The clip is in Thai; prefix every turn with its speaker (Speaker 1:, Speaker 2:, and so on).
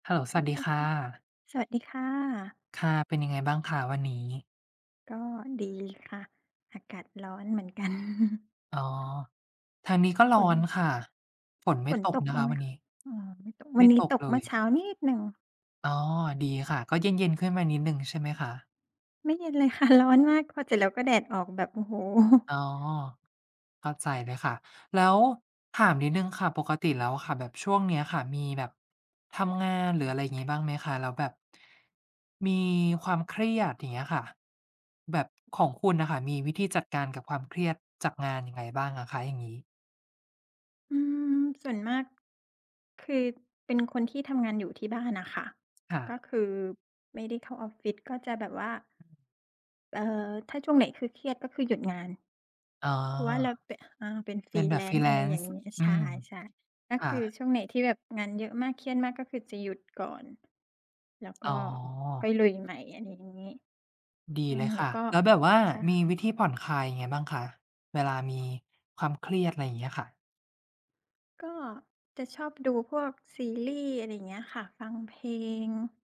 Speaker 1: เฮลโลส
Speaker 2: โอ
Speaker 1: วัส
Speaker 2: เค
Speaker 1: ดีค
Speaker 2: ค
Speaker 1: ่ะ
Speaker 2: ่ะ สวัสดีค่ะ
Speaker 1: ค่ะ เป็นยังไงบ้างคะวันนี้?
Speaker 2: ก็ดีค่ะ อากาศร้อนเหมือนกัน
Speaker 1: อ๋อ ทางนี้ก็ร้อ
Speaker 2: ฝ
Speaker 1: น
Speaker 2: น
Speaker 1: ค่ะ ฝนไม่
Speaker 2: ฝน
Speaker 1: ตก
Speaker 2: ตก
Speaker 1: นะ
Speaker 2: บ
Speaker 1: ค
Speaker 2: ้าง
Speaker 1: ะ
Speaker 2: ไหม
Speaker 1: วัน
Speaker 2: ค
Speaker 1: นี
Speaker 2: ะ?
Speaker 1: ้
Speaker 2: อ๋อ ไม่ตก ว
Speaker 1: ไม
Speaker 2: ั
Speaker 1: ่
Speaker 2: นนี
Speaker 1: ต
Speaker 2: ้
Speaker 1: ก
Speaker 2: ตก
Speaker 1: เล
Speaker 2: เมื่อเช
Speaker 1: ย
Speaker 2: ้านิดหนึ่ง
Speaker 1: อ๋อ ดีค่ะ ก็เย็น ๆ ขึ้นมานิดหนึ่งใช่ไหมคะ?
Speaker 2: ไม่เย็นเลย ค่ะ ร้อนมากพอเสร็จแล้ว ก็แดดออกแบบ โอ้โฮ
Speaker 1: อ๋อ เข้าใจเลยค่ะ แล้วถามนิดหนึ่งค่ะ ปกติแล้วอะค่ะ แบบช่วงเนี้ยค่ะมีแบบ ทำงาน หรืออะไรอย่างงี้บ้างไหมคะ? แล้วแบบ มีความเครียด อย่างเงี้ยค่ะ แบบ ของคุณน่ะค่ะมีวิธีจัดการกับความเครียดจากงานยังไงบ้างอะคะอย่างงี้?
Speaker 2: อืม ส่วนมาก คือเป็นคนที่ทำงานอยู่ที่บ้านน่ะค่ะ
Speaker 1: ค่
Speaker 2: ก็
Speaker 1: ะ
Speaker 2: คือไม่ได้เข้าออฟฟิศ ก็จะแบบว่า
Speaker 1: อืม
Speaker 2: เอ่อ ถ้าช่วงไหนคือเครียด ก็คือหยุดงาน
Speaker 1: อ๋อ
Speaker 2: เพราะว่าเรา ป อ่า เป็น
Speaker 1: เป็นแบบ
Speaker 2: Freelance อะไรอย่า
Speaker 1: Freelance
Speaker 2: งงี้
Speaker 1: อ
Speaker 2: ใ
Speaker 1: ื
Speaker 2: ช่
Speaker 1: ม
Speaker 2: ๆ ก็
Speaker 1: อา
Speaker 2: คือช่วงไหนที่แบบงานเยอะมากเครียดมากก็คือจะหยุดก่อน แล้วก
Speaker 1: อ
Speaker 2: ็
Speaker 1: ๋อ
Speaker 2: ค่อยลุยใหม่ อะไรงี้
Speaker 1: ดี
Speaker 2: อื
Speaker 1: เล
Speaker 2: ม
Speaker 1: ย
Speaker 2: แ
Speaker 1: ค
Speaker 2: ล้ว
Speaker 1: ่ะ
Speaker 2: ก็
Speaker 1: แล้วแบบว่า
Speaker 2: ใช
Speaker 1: มีว
Speaker 2: ่
Speaker 1: ิธีผ่อนคลายยังไงบ้างคะ เวลามี ความเครียด อะไรอย่างเงี้ยค่ะ?
Speaker 2: ก็จะชอบดูพวกซีรีส์ อะไรอย่างเงี้ยค่ะ ฟังเพลง